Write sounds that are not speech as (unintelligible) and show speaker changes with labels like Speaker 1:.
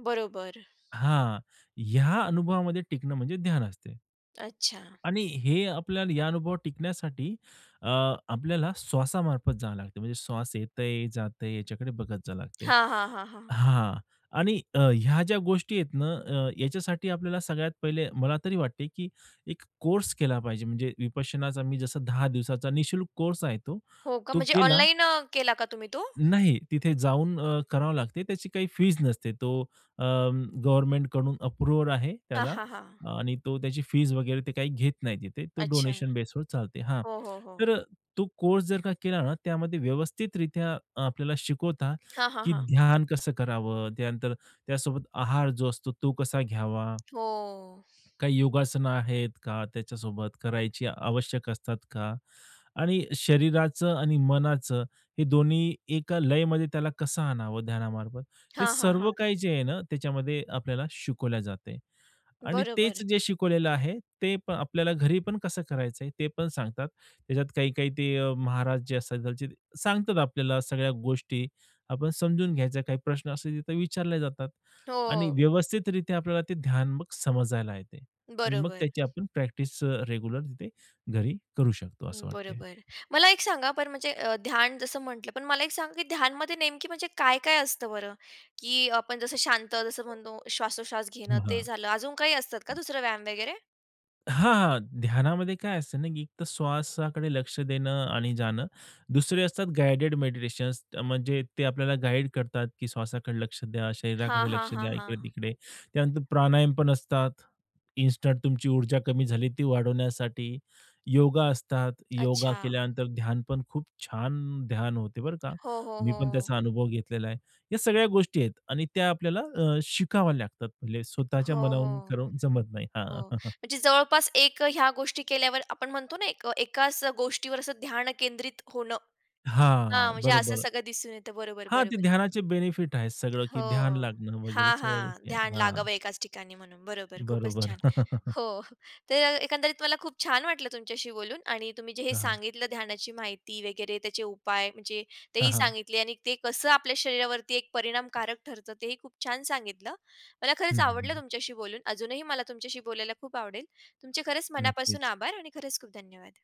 Speaker 1: बरोबर.
Speaker 2: हां. या अनुभवामध्ये टिकणं म्हणजे ध्यान असते.
Speaker 1: अच्छा.
Speaker 2: आणि हे आपल्याला या अनुभव टिकण्यासाठी अ, आपल्याला श्वासामार्फत जावं लागते, म्हणजे श्वास येतय जातंय याच्याकडे बघत जावं लागत.
Speaker 1: हां, हां, हां, हां.
Speaker 2: हां. आणि अ, ह्या ज्या गोष्टी आहेत ना, अ, ह्याच्यासाठी आपल्याला सगळ्यात पहिले मला तरी वाटते, की एक कोर्स केला पाहिजे, म्हणजे विपश्यनाचा मी जसं 10 दिवसाचा निःशुल्क कोर्स आहे तो,
Speaker 1: हो का,
Speaker 2: तो
Speaker 1: म्हणजे
Speaker 2: केला
Speaker 1: ऑनलाईन अ, केला का तुम्ही तो?
Speaker 2: नाही. तिथे जाऊन अ, करावं लागते. त्याची काही फीस नसते. तो अ, गव्हर्नमेंटकडून अप्रूव्हल आहे
Speaker 1: हां,
Speaker 2: त्याला.
Speaker 1: हां, हां.
Speaker 2: आणि तो त्याची फीस वगैरे ते काही घेत नाही तिथे. तो
Speaker 1: अच्छा.
Speaker 2: डोनेशन बेसवर चालते. हां,
Speaker 1: हो, हो, हो.
Speaker 2: तर तो कोर्स जर का केला ना, त्यामध्ये व्यवस्थितरित्या अ, आपल्याला शिकवता,
Speaker 1: हां, हां,
Speaker 2: की
Speaker 1: हां.
Speaker 2: ध्यान कसं करावं? त्यानंतर त्यासोबत आहार जो असतो, तो कसा घ्यावा?
Speaker 1: हो.
Speaker 2: काही योगासनं आहेत का त्याच्यासोबत? करायची आवश्यक असतात का? आणि शरीराचं आणि मनाचं हे दोन्ही एका लयमध्ये त्याला कसं आणावं ध्यानामार्फत? हे
Speaker 1: हां, हां,
Speaker 2: सर्व
Speaker 1: हां.
Speaker 2: काही जे आहे ना, त्याच्यामध्ये आपल्याला शिकवल्या जाते. आणि तेच
Speaker 1: बरोबर.
Speaker 2: जे शिकवलेलं आहे, ते पण आपल्याला घरी पण कसं करायचं आहे, ते पण सांगतात. त्याच्यात काही-काही ते अ, महाराज जे असतात त्या (unintelligible) सांगतात आपल्याला सगळ्या गोष्टी. आपण समजून घ्यायचा. काही प्रश्न असे तिथे विचारले जातात. आणि
Speaker 1: हो.
Speaker 2: व्यवस्थितरित्या आपल्याला ते ध्यान मग समजायला येते आणि मग
Speaker 1: बरोबर.
Speaker 2: त्याची आपण प्रॅक्टिस अ, रेग्युलर तिथे घरी करू शकतो असं वाटतंय.
Speaker 1: बरोबर. मला एक सांगा, पण म्हणजे अ, ध्यान जसं म्हटलं पण मला एक सांगा, की ध्यानमध्ये नेमकी म्हणजे काय-काय असतं बरं? की आपण जसं शांत जसं म्हणतो श्वासोश्वास घेणं ते
Speaker 2: हां.
Speaker 1: झालं. अजून काही असतात का दुसरं व्यायाम वगैरे?
Speaker 2: हां, हां. ध्यानामध्ये काय असते ना, की एकतर श्वासाकडे लक्ष देणं आणि जाणं. दुसरे असतात गाईडेड मेडिटेशन्स. म्हणजे ते आपल्याला गाईड करतात, की श्वासाकडे लक्ष द्या.
Speaker 1: हां,
Speaker 2: शरीराकडे
Speaker 1: हां,
Speaker 2: लक्ष
Speaker 1: हां,
Speaker 2: द्या,
Speaker 1: हां.
Speaker 2: इकडे-तिकडे. त्यानंतर प्राणायाम पण असतात. इन्स्टंट तुमची ऊर्जा कमी झाली ती वाढवण्यासाठी. योगा असतात. योगा
Speaker 1: अच्छा.
Speaker 2: केल्यानंतर ध्यान पण खूप छान ध्यान होते बरं का.
Speaker 1: हो, हो,
Speaker 2: मी पण
Speaker 1: हो.
Speaker 2: त्याचा अनुभव घेतलेला आहे, या सगळ्या गोष्टी आहेत. आणि त्या आपल्याला अ, शिकाव्या लागतात. (unintelligible) स्वतःच्या
Speaker 1: हो,
Speaker 2: मनाहून
Speaker 1: हो.
Speaker 2: करून जमत नाही. हां.
Speaker 1: हो.
Speaker 2: (chuckles)
Speaker 1: म्हणजे जवळपास एक ह्या गोष्टी केल्यावर आपण म्हणतो ना, एक एकाच गोष्टीवर ध्यान केंद्रित होणं. हां,
Speaker 2: हां.
Speaker 1: म्हणजे असं
Speaker 2: बरोबर.
Speaker 1: सगळं दिसून येतं. बरोबर,
Speaker 2: हां, ते
Speaker 1: बरोबर.
Speaker 2: ध्यानाचे बेनिफिट आहे सगळं, की ध्यान
Speaker 1: हो.
Speaker 2: लागणं वगैरे
Speaker 1: हां,
Speaker 2: सगळ्या
Speaker 1: हां.
Speaker 2: गोष्टी आहेत.
Speaker 1: ध्यान
Speaker 2: हां.
Speaker 1: लागावं एकाच ठिकाणी म्हणून. बरोबर. खूपच
Speaker 2: बरोबर.
Speaker 1: छान.
Speaker 2: (chuckles)
Speaker 1: हो. (chuckles) तर एकंदरीत मला खूप छान वाटलं तुमच्याशी बोलून. आणि तुम्ही जे हे
Speaker 2: हां, हां.
Speaker 1: सांगितलं ध्यानाची माहिती वगैरे, त्याचे उपाय म्हणजे
Speaker 2: हां,
Speaker 1: तेही
Speaker 2: हां.
Speaker 1: सांगितले. आणि ते कसं आपल्या शरीरावरती एक परिणामकारक ठरतं तेही खूप छान सांगितलं. मला
Speaker 2: हं,
Speaker 1: खरंच
Speaker 2: हं,
Speaker 1: आवडलं
Speaker 2: हं.
Speaker 1: तुमच्याशी बोलून. अजूनही मला तुमच्याशी बोलायला खूप आवडेल. तुमचे खरंच मनापासून
Speaker 2: नक्कीच.
Speaker 1: आभार आणि खरंच खूप धन्यवाद.